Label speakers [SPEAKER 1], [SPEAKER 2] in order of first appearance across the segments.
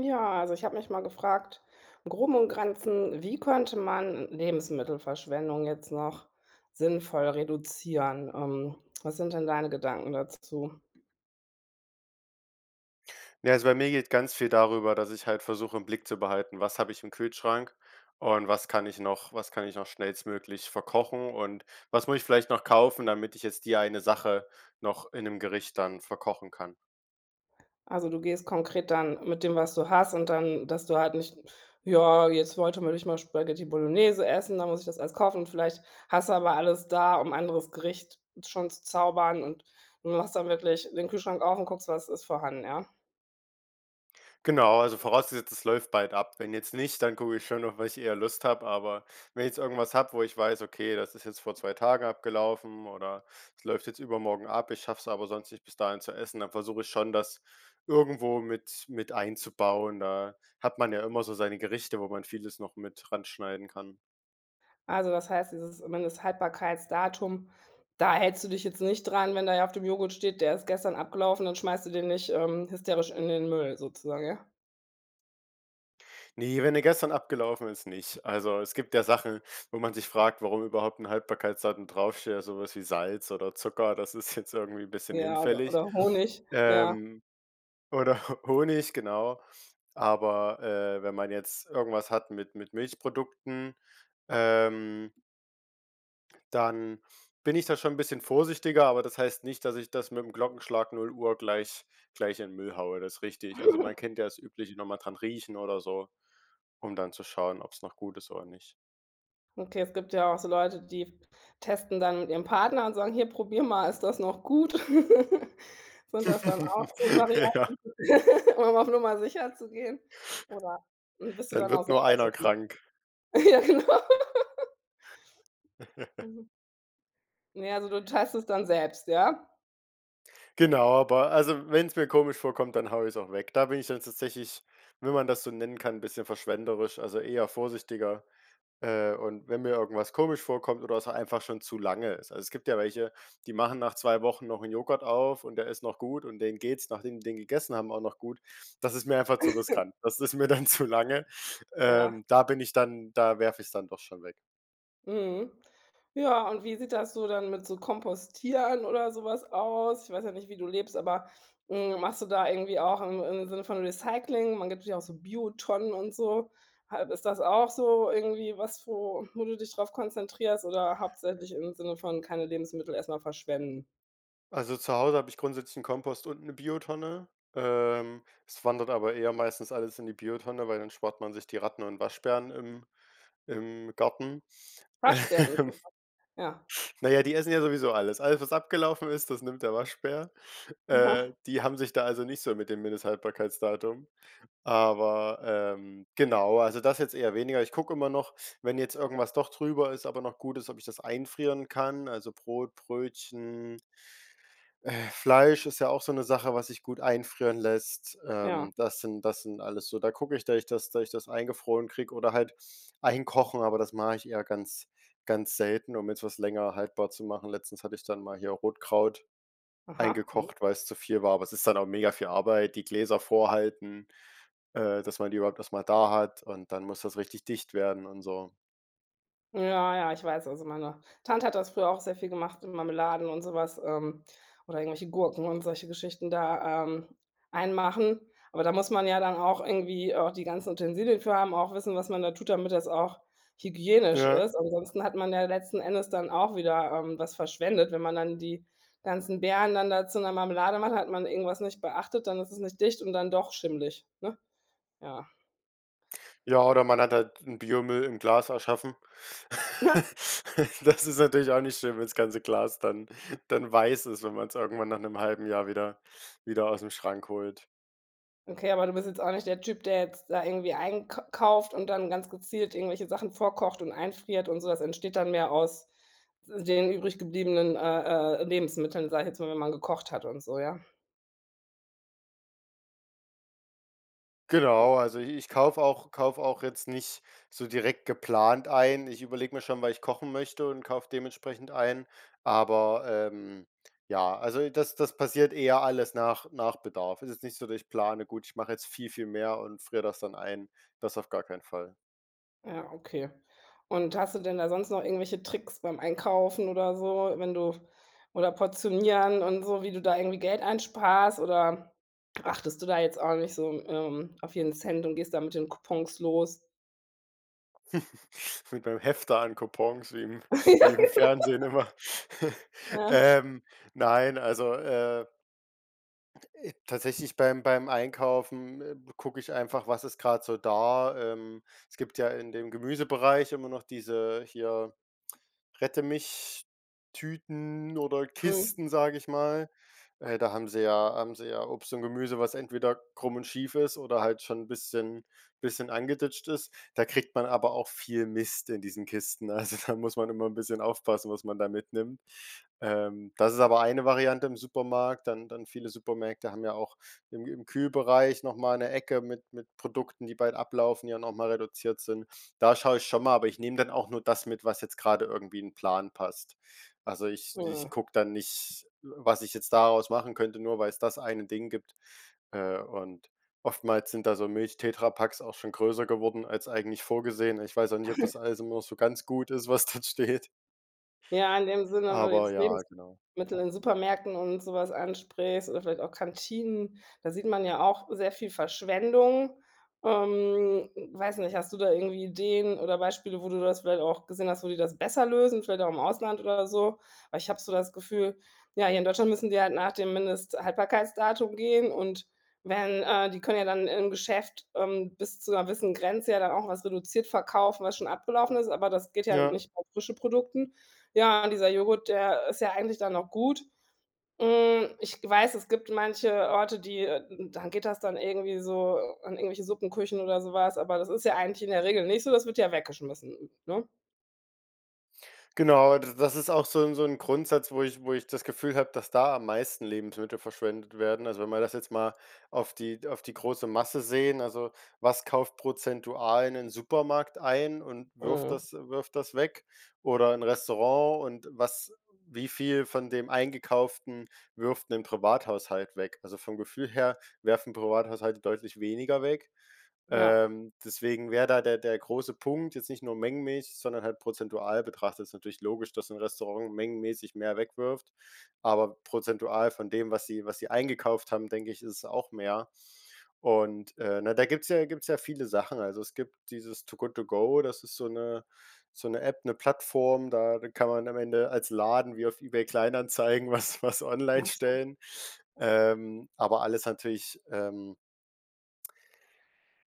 [SPEAKER 1] Ja, also ich habe mich mal gefragt, im Groben und Granzen, wie könnte man Lebensmittelverschwendung jetzt noch sinnvoll reduzieren? Ähm, was sind denn deine Gedanken dazu?
[SPEAKER 2] Na ja, also bei mir geht ganz viel darüber, dass ich halt versuche, im Blick zu behalten: Was habe ich im Kühlschrank? Und was kann ich noch was kann ich noch schnellstmöglich verkochen? Und was muss ich vielleicht noch kaufen, damit ich jetzt die eine Sache noch in 'nem Gericht dann verkochen kann?
[SPEAKER 1] Also, du gehst konkret dann mit dem, was du hast und dann dass du halt nicht: „Ja, jetzt wollte man eigentlich mal Spaghetti Bolognese essen, da muss ich das alles kaufen.“ Und vielleicht hast du aber alles da, um 'n anderes Gericht schon zu zaubern und du machst dann wirklich den Kühlschrank auf und guckst, was ist vorhanden, ja?
[SPEAKER 2] Genau, also vorausgesetzt, es läuft bald ab. Wenn jetzt nicht, dann gucke ich schon noch, worauf ich eher Lust hab. Aber wenn ich jetzt irgendwas habe, wo ich weiß: „Okay, das ist jetzt vor 2 Tagen abgelaufen oder es läuft jetzt übermorgen ab, ich schaff's aber sonst nicht bis dahin zu essen.“ Dann versuche ich schon, das irgendwo mit mit einzubauen. Da hat man ja immer so seine Gerichte, wo man vieles noch mit ranschneiden kann.
[SPEAKER 1] Also, das heißt, dieses Mindesthaltbarkeitsdatum, da hältst du dich jetzt nicht dran. Wenn da ja auf dem Joghurt steht, der ist gestern abgelaufen, dann schmeißt du den nicht, ähm, hysterisch in den Müll sozusagen, ja?
[SPEAKER 2] Ne, wenn der gestern abgelaufen ist, nicht. Also, es gibt ja Sachen, wo man sich fragt, warum überhaupt 'n Haltbarkeitsdatum draufsteht, sowas wie Salz oder Zucker, das ist jetzt irgendwie bisschen
[SPEAKER 1] Ja, oder
[SPEAKER 2] hinfällig,
[SPEAKER 1] oder Honig, ja.
[SPEAKER 2] ähm, oder Ho Honig, genau. Aber, äh, wenn man jetzt irgendwas hat mit mit Milchprodukten, ähm dann, bin ich da schon 'n bisschen vorsichtiger, aber das heißt nicht, dass ich das mit dem Glockenschlag 0:00 gleich gleich in Müll haue, das richtig. Also, man kennt ja das übliche, noch mal dran riechen oder so, um dann zu schauen, ob's noch gut ist oder nicht.
[SPEAKER 1] Okay, es gibt ja auch so Leute, die f testen dann mit ihren Partner und sagen: „Hier probier mal, ist das noch gut?“ Sind das dann auch so Varianten,
[SPEAKER 2] Ja.
[SPEAKER 1] um auf Nummer sicher zu gehen? Oder, bist du
[SPEAKER 2] Dann
[SPEAKER 1] dann auch
[SPEAKER 2] wird nur
[SPEAKER 1] selber so
[SPEAKER 2] einer
[SPEAKER 1] gut?
[SPEAKER 2] krank.
[SPEAKER 1] Ja, genau. Mhm. Ne, also du teilst es dann selbst, ja?
[SPEAKER 2] Genau, aber also wenn's mir komisch vorkommt, dann haue ich's auch weg. Da bin ich dann tatsächlich- wenn man das so nennen kann- bisschen verschwenderisch, also eher vorsichtiger, äh, und wenn mir irgendwas komisch vorkommt oder es einfach schon zu lange ist. Also es gibt ja welche, die machen nach 2 Wochen noch 'n Joghurt auf und der ist noch gut und denen geht's, nachdem die den gegessen haben, auch noch gut. Das ist mir einfach zu riskant. Das ist mir dann zu lange.
[SPEAKER 1] Ja.
[SPEAKER 2] Ähm, da bin ich dann da werfe ich's dann doch schon weg.
[SPEAKER 1] Mhm. Ja, und wie sieht das so dann mit so Kompostieren oder so was aus? Ich weiß ja nicht, wie du lebst, aber, hm, machst du da irgendwie auch im im Sinne von Recycling man gibt's ja auch so Biotonnen und so. Ha ist das auch so irgendwie was, wo wo du dich drauf konzentrierst oder hauptsächlich im Sinne von keine Lebensmittel erst mal verschwenden?
[SPEAKER 2] Also zu Hause habe ich grundsätzlich 'n Kompost und 'ne Biotonne. Ähm, es wandert aber eher meistens alles in die Biotonne, weil dann spart man sich die Ratten und Waschbären im im Garten.
[SPEAKER 1] Waschbären.. [unintelligible] Ja.
[SPEAKER 2] Na ja, die essen ja sowieso alles. Alles, was abgelaufen ist, das nimmt der Waschbär. Äh,
[SPEAKER 1] Aha.
[SPEAKER 2] die haben sich da also nicht so mit dem Mindesthaltbarkeitsdatum, aber, ähm, genau. Also, das jetzt eher weniger. Ich gucke immer noch, wenn jetzt irgendwas doch drüber ist, aber noch gut ist, ob ich das einfrieren kann, also Brot, Brötchen äh, Fleisch ist ja auch so 'ne Sache, was sich gut einfrieren lässt. Ähm,
[SPEAKER 1] Ja.
[SPEAKER 2] das sind das sind alles so, da gucke ich, dass ich das dass ich das eingefroren krieg oder halt einkochen, aber das mache ich eher ganz ganz selten, um jetzt was länger haltbar zu machen. Letztens hatte ich dann mal hier Rotkraut
[SPEAKER 1] Aha.
[SPEAKER 2] eingekocht, weil's zu viel war, aber es ist dann auch mega viel Arbeit, die Gläser vorhalten, äh, dass man die überhaupt erst mal da hat und dann muss das richtig dicht werden und so.
[SPEAKER 1] Ja, ja, ich weiß, also meine Tante hat das früher auch sehr viel gemacht mit Marmeladen und so was, ähm, oder irgendwelche Gurken und solche Geschichten da, ähm, einmachen. Aber da muss man ja dann auch irgendwie auch die ganzen Utensilien für haben, auch wissen, was man da tut, damit das auch hygienisch
[SPEAKER 2] Ja.
[SPEAKER 1] ist. Ansonsten hat man ja letzten Endes dann auch wieder, ähm, was verschwendet. Wenn man dann die ganzen Beeren dann da zu 'ner Marmelade macht, hat man irgendwas nicht beachtet, dann ist es nicht dicht und dann doch schimmlig, ne? Ja.
[SPEAKER 2] Ja, oder man hat halt 'n Biomüll im Glas erschaffen. Das ist natürlich auch nicht schön, wenn das ganze Glas dann dann weiß ist, wenn man's irgendwann nach 'nem halben Jahr wieder wieder ausm Schrank holt.
[SPEAKER 1] Okay, aber du bist jetzt auch nicht der Typ, der jetzt da irgendwie eink. kauft und dann ganz gezielt irgendwelche Sachen vorkocht und einfriert und so. Das entsteht dann mehr aus w den übrig gebliebenen, äh äh, Lebensmitteln, sage ich jetzt mal, wenn man mal gekocht hat und so, ja?
[SPEAKER 2] Genau, also i ich kaufe auch kaufe auch jetzt nicht so direkt geplant ein. Ich überlege mir schon, weil ich kochen möchte und kaufe dementsprechend ein, aber, ähm, ja also das das passiert eher alles nach nach Bedarf. Es ist nicht so, dass ich plane, gut, ich mache jetzt viel, viel mehr und friere das dann ein. Das auf gar keinen Fall.
[SPEAKER 1] Ja, okay. Und hast du denn da sonst noch irgendwelche Tricks beim Einkaufen oder so, wenn du oder portionieren und so, wie du da irgendwie Geld einsparst oder achtest du da jetzt auch nicht so, ähm, auf jeden Cent und gehst da mit den Coupons los?
[SPEAKER 2] Mit meinem Hefter an Coupons, wie im
[SPEAKER 1] Ja, genau.
[SPEAKER 2] wie im Fernsehen immer.
[SPEAKER 1] Ja.
[SPEAKER 2] Ähm, nein, also, äh ,äh, tatsächlich, beim beim Einkaufen, ähm, gucke ich einfach, was ist grad so da? Ähm, es gibt ja in dem Gemüsebereich immer noch diese hier „Rette mich Tüten oder
[SPEAKER 1] Mhm.
[SPEAKER 2] Kisten,“ sag ich mal. Äh, da haben sie ja haben sie ja Obst und Gemüse, was entweder krumm und schief ist oder halt schon 'n bisschen bisschen angeditscht ist. Da kriegt man aber auch viel Mist in diesen Kisten, also da muss man immer 'n bisschen aufpassen, was man da mitnimmt. Ähm, das ist aber eine Variante im Supermarkt, dann dann viele Supermärkte haben ja auch irgendwie im Kühlbereich noch mal 'ne Ecke mit mit Produkten, die bald ablaufen, die ja noch mal reduziert sind. Da schaue ich schon mal, aber ich nehme dann auch nur das mit, was jetzt grade irgendwie in 'n Plan passt. Also, ich ich
[SPEAKER 1] Hm.
[SPEAKER 2] gucke dann nicht, was ich jetzt daraus machen könnte, nur weil's das eine Ding gibt. Äh, und oftmals sind da so Milchtetrapacks auch schon größer geworden als eigentlich vorgesehen. Ich weiß auch nicht, ob das alles nur so ganz gut ist, was dort steht.
[SPEAKER 1] Ja, in dem Sinne, wenn man
[SPEAKER 2] Aber
[SPEAKER 1] jetzt
[SPEAKER 2] ja,
[SPEAKER 1] Lebens
[SPEAKER 2] genau.
[SPEAKER 1] mittel in Supermärkten und sowas ansprichst oder vielleicht auch Kantinen, da sieht man ja auch sehr viel Verschwendung. Ähm, weiß nicht, hast du da irgendwie Ideen oder Beispiele, wo du das vielleicht auch gesehen hast, wo die das besser lösen, vielleicht auch im Ausland oder so? Aber ich habe so das Gefühl, ja, hier in Deutschland müssen die halt nach dem Mindesthaltbarkeitsdatum gehen und werden äh, die können ja dann im Geschäft, ähm, bis zu 'ner gewissen Grenze ja dann auch was reduziert verkaufen, was schon abgelaufen ist, aber das geht ja
[SPEAKER 2] Ja.
[SPEAKER 1] nicht auf frische Produkten. Ja, und dieser Joghurt, der ist ja eigentlich dann noch gut. Hm, ich weiß, es gibt manche Orte, die, äh dann geht das dann irgendwie so an irgendwelche Suppenküchen oder so was, aber das ist ja eigentlich in der Regel nicht so. Das wird ja weggeschmissen, ne?
[SPEAKER 2] Genau, d das ist auch so 'n so 'n Grundsatz, wo ich wo ich das Gefühl habe, dass da am meisten Lebensmittel verschwendet werden. Also, wenn man das jetzt mal auf die auf die große Masse sehen, also was kauft prozentual in den Supermarkt ein und wirft
[SPEAKER 1] Mhm.
[SPEAKER 2] das wirft das weg? Oder 'n Restaurant und was wie viel von dem Eingekauften wirft 'nen Privathaushalt weg? Also, vom Gefühl her werfen Privathaushalte deutlich weniger weg.
[SPEAKER 1] Ja.
[SPEAKER 2] Ähm, deswegen wäre da der der große Punkt, jetzt nicht nur mengenmäßig, sondern halt prozentual betrachtet. Ist natürlich logisch, dass 'n Restaurant mengenmäßig mehr wegwirft, aber prozentual von dem, was sie was sie eingekauft haben, denke ich, isses auch mehr. Und, äh, na, da gibt's ja gibt's ja viele Sachen. Also, es gibt dieses Too Good To Go, das ist so 'ne so 'ne App, 'ne Plattform, da kann man am Ende als Laden wie auf eBay Kleinanzeigen, was was online stellen.
[SPEAKER 1] [unintelligible]
[SPEAKER 2] Ähm, aber alles natürlich, ähm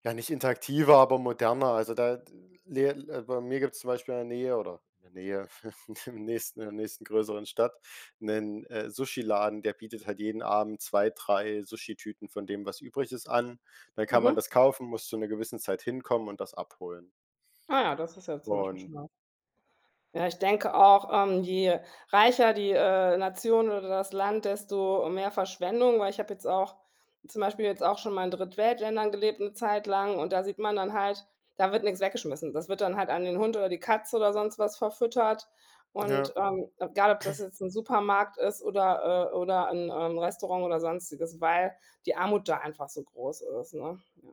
[SPEAKER 2] ja, nicht interaktiver, aber moderner. Also da, Lehrl also bei mir gibt's zum Beispiel in der Nähe oder in der Nähe im nächsten in der nächsten größeren Stadt 'nen, äh, Sushi Laden, der bietet halt jeden Abend 2, 3 Sushi-Tüten von dem, was übrig ist, an. Da kann man
[SPEAKER 1] Mhm.
[SPEAKER 2] das kaufen, muss zu 'ner gewissen Zeit hinkommen und das abholen.
[SPEAKER 1] Ah, das ist ja zum Beispiel
[SPEAKER 2] Und
[SPEAKER 1] schon was. Ja, ich denke auch, ähm, je reicher die, äh, Nation oder das Land, desto mehr Verschwendung, weil ich habe jetzt auch zum Beispiel jetzt auch schon mal in Drittweltländern gelebt 'ne Zeit lang und da sieht man dann halt, da wird nix weggeschmissen. Das wird dann halt an den Hund oder die Katze oder sonst was verfüttert.
[SPEAKER 2] Ja.
[SPEAKER 1] Und, ähm, egal ob das jetzt 'n Supermarkt ist oder, äh oder 'n, ähm, Restaurant oder Sonstiges, weil die Armut da einfach so groß ist, ne? Ja.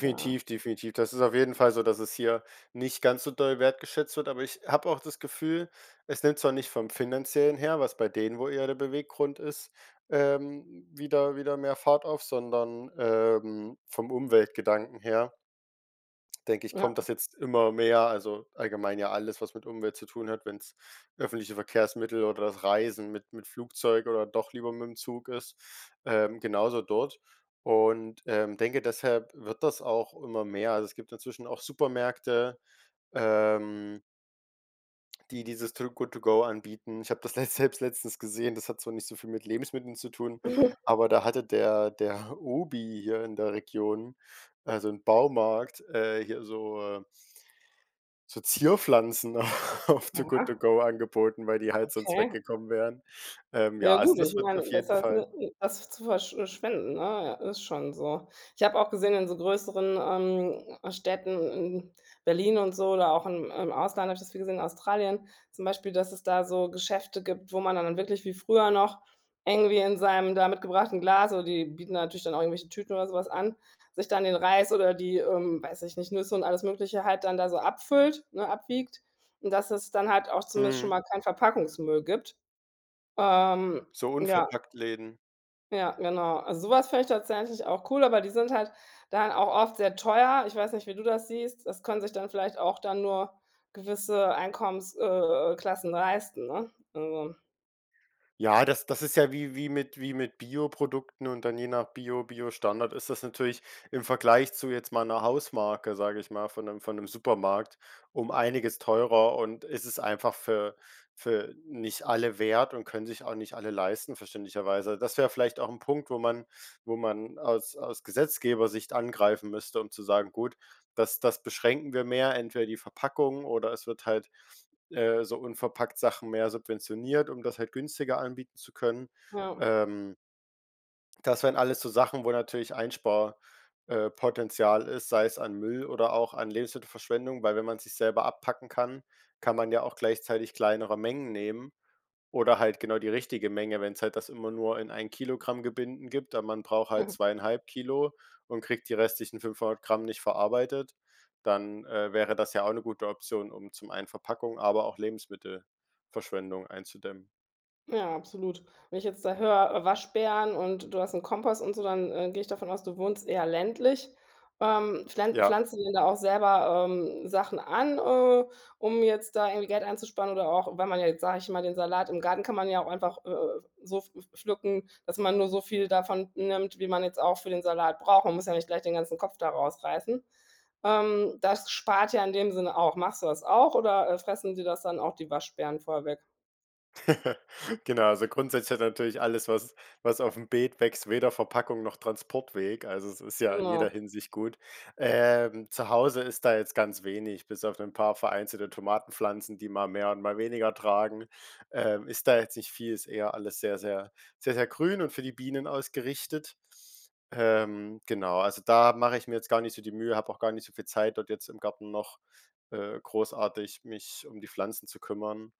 [SPEAKER 1] Da
[SPEAKER 2] definitiv. Das ist auf jeden Fall so, dass es hier nicht ganz so doll wertgeschätzt wird, aber ich habe auch das Gefühl, es nimmt zwar nicht vom Finanziellen her, was bei denen, wohl eher der Beweggrund ist, ähm, wieder wieder mehr Fahrt auf, sondern, ähm, vom Umweltgedanken her denke ich,
[SPEAKER 1] Ja.
[SPEAKER 2] kommt das jetzt immer mehr, also, allgemein ja alles, was mit Umwelt zu tun hat, wenn's öffentliche Verkehrsmittel oder das Reisen mit mit Flugzeug oder doch lieber mit dem Zug ist, ähm, genauso dort und, ähm, denke, deshalb wird das auch immer mehr. Also, es gibt inzwischen auch Supermärkte, ähm die dieses Too Good To Go anbieten. Ich habe das letzt selbst letztens gesehen, das hat zwar nicht so viel mit Lebensmitteln zu tun, aber da hatte der der OBI hier in der Region, also 'n Baumarkt, äh, hier so, äh so Zierpflanzen auf Too Good To
[SPEAKER 1] Oha.
[SPEAKER 2] Go angeboten, weil die halt sonst
[SPEAKER 1] Okay.
[SPEAKER 2] weggekommen wären. Ähm,
[SPEAKER 1] Ja
[SPEAKER 2] ja, also
[SPEAKER 1] gut, ich
[SPEAKER 2] das wird auf
[SPEAKER 1] mein,
[SPEAKER 2] jeden
[SPEAKER 1] besser als,
[SPEAKER 2] Fall
[SPEAKER 1] ne, das zu versch äh schwenden, ne, ja, ist schon so. Ich habe auch gesehen in so größeren, ähm, Städten, in Berlin und so oder auch im im Ausland, habe ich das viel gesehen, Australien, zum Beispiel, dass es da so Geschäfte gibt, wo man dann da wirklich wie früher noch eng wie in seinem da mitgebrachten Glas, oder die bieten natürlich dann irgendwelche Tüten oder so was an, sich dann den Reis oder die, ähm, weiß ich nicht, Nüsse und alles Mögliche halt dann da so abfüllt, ne, abwiegt. Und dass es dann halt auch zumindest schon
[SPEAKER 2] Mhm.
[SPEAKER 1] mal kein Verpackungsmüll gibt, ähm,
[SPEAKER 2] So
[SPEAKER 1] ja.
[SPEAKER 2] Unverpacktläden.
[SPEAKER 1] Ja, genau. Also, sowas fände ich tatsächlich auch cool, aber die sind halt dann auch oft sehr teuer. Ich weiß nicht, wie du das siehst. Das können sich dann vielleicht auch dann nur gewisse Einkommens äh, äh, Klassen leisten, ne? Also
[SPEAKER 2] Ja, das das ist ja wie wie mit wie mit Bioprodukten und dann je nach Bio Bio-Standard ist das natürlich im Vergleich zu jetzt mal 'ner Hausmarke, sage ich mal, von 'nem von 'nem Supermarkt um einiges teurer und es ist einfach für für nicht alle wert und können sich auch nicht alle leisten verständlicherweise. Das wäre vielleicht auch 'n Punkt, wo man wo man aus aus Gesetzgeber-Sicht angreifen müsste, um zu sagen: „Gut, das das beschränken wir mehr, entweder die Verpackung oder es wird halt, äh, so unverpackt-Sachen mehr subventioniert, um das halt günstiger anbieten zu können.“
[SPEAKER 1] Ja.
[SPEAKER 2] Ähm das wären alles so Sachen, wo natürlich Einspar äh, Potenzial ist, sei es an Müll oder auch an Lebensmittelverschwendung, weil wenn man sich's selber abpacken kann, kann man ja auch gleichzeitig kleinere Mengen nehmen oder halt genau die richtige Menge, wenn's halt das immer nur in 1 kg- Gebinden gibt, aber man braucht halt 2,5 kg und kriegt die restlichen 500g nicht verarbeitet, dann, äh, wäre das ja auch 'ne gute Option, um zum einen Verpackung, aber auch Lebensmittelverschwendung einzudämmen.
[SPEAKER 1] Ja, absolut. Wenn ich jetzt da höre, Waschbären und du hast 'n Kompost und so, dann, äh, gehe ich davon aus, du wohnst eher ländlich? Ähm, pflan
[SPEAKER 2] Ja.
[SPEAKER 1] pflanzt ihr denn da auch selber, ähm, Sachen an, äh, um jetzt da irgendwie Geld einzusparen oder auch, wenn man jetzt, sage ich mal, den Salat im Garten kann man ja auch einfach, äh, so pfl pflücken, dass man nur so viel davon nimmt, wie man jetzt auch für den Salat braucht. Man muss ja nicht gleich den ganzen Kopf da rausreißen. Ähm, das spart ja in dem Sinne auch. Machst du das auch oder, äh, fressen dir das dann auch die Waschbären vorher weg?
[SPEAKER 2] Genau, also, grundsätzlich hat ja natürlich alles, was was aufm Beet wächst, weder Verpackung noch Transportweg. Also, es ist ja in jeder
[SPEAKER 1] Immer.
[SPEAKER 2] Hinsicht gut. Ähm, zu Hause ist da jetzt ganz wenig bis auf 'nen paar vereinzelte Tomatenpflanzen, die mal mehr und mal weniger tragen, ähm, ist da jetzt nicht viel, ist eher alles sehr, sehr, sehr, sehr grün und für die Bienen ausgerichtet. Ähm, genau, also, da mache ich mir jetzt gar nicht so die Mühe, habe auch gar nicht so viel Zeit dort jetzt im Garten noch, äh, großartig, mich um die Pflanzen zu kümmern.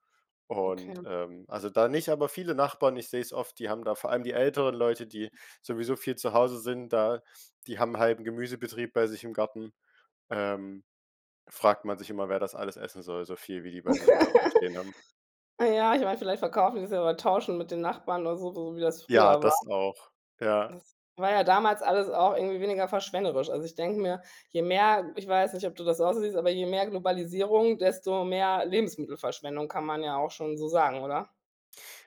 [SPEAKER 1] Okay.
[SPEAKER 2] Und, ähm, also, da nicht aber viele Nachbarn, ich sehe es oft, die haben da vor allem die älteren Leute, die sowieso viel zu Hause sind da, die haben 'n halben Gemüsebetrieb bei sich im Garten, ähm, fragt man sich immer, wer das alles essen soll, so viel wie die bei sich im Garten stehen haben.
[SPEAKER 1] Äh, ja, ich meine, vielleicht verkaufen sie, oder tauschen mit den Nachbarn oder so so wie das
[SPEAKER 2] Ja,
[SPEAKER 1] früher war.
[SPEAKER 2] das auch, ja.
[SPEAKER 1] Das war ja damals alles auch irgendwie weniger verschwenderisch. Also, ich denke mir, je mehr- ich weiß nicht, ob du das auch so siehst- aber je mehr Globalisierung, desto mehr Lebensmittelverschwendung, kann man ja auch schon so sagen, oder?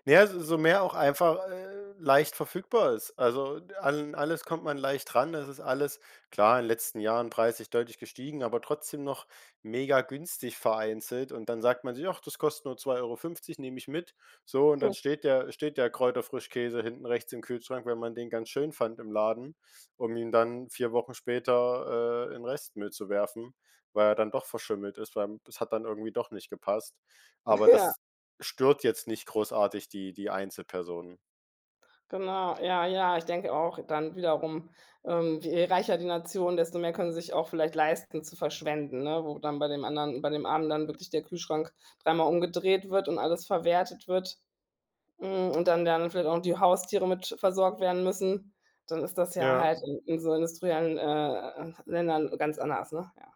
[SPEAKER 2] Na ja, so so mehr auch einfach, äh, leicht verfügbar ist. Also d an alles kommt man leicht dran, das ist alles, klar, in den letzten Jahren preislich deutlich gestiegen, aber trotzdem noch megagünstig vereinzelt und dann sagt man sich: „Ach, das kostet nur 2,50 € nehme ich mit.“ So und dann steht der steht der Kräuterfrischkäse hinten rechts im Kühlschrank, weil man den ganz schön fand im Laden, um ihn dann 4 Wochen später, äh, in Restmüll zu werfen, weil er dann doch verschimmelt ist, weil m das hat dann irgendwie doch nicht gepasst. Aber
[SPEAKER 1] Ja.
[SPEAKER 2] das stört jetzt nicht großartig die die Einzelperson.
[SPEAKER 1] Genau, ja, ja. Ich denke auch dann wiederum, ähm, je reicher die Nation, desto mehr können sich auch vielleicht leisten, zu verschwenden, ne, wo dann bei dem anderen bei dem Armen dann wirklich der Kühlschrank dreimal umgedreht wird und alles verwertet wird, hm, und dann der andere vielleicht auch noch die Haustiere mit versorgt werden müssen, dann ist das ja
[SPEAKER 2] Ja.
[SPEAKER 1] halt in in so industriellen, äh, Ländern ganz anders, ne, ja.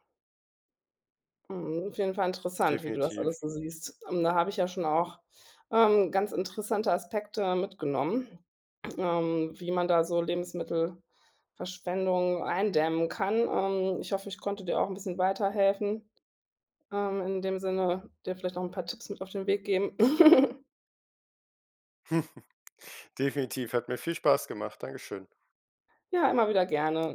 [SPEAKER 1] Mhm, auf jeden Fall interessant, wie du das
[SPEAKER 2] Definitiv.
[SPEAKER 1] alles so siehst. Ähm, da habe ich ja schon auch, ähm, ganz interessante Aspekte mitgenommen, ähm, wie man da so Lebensmittelverschwendung eindämmen kann. Ähm, ich hoffe, ich konnte dir auch 'n bisschen weiterhelfen, ähm, in dem Sinne, dir vielleicht noch 'n paar Tipps mit auf den Weg geben.
[SPEAKER 2] Definitiv, hat mir viel Spaß gemacht. Dankeschön.
[SPEAKER 1] Ja, immer wieder gerne.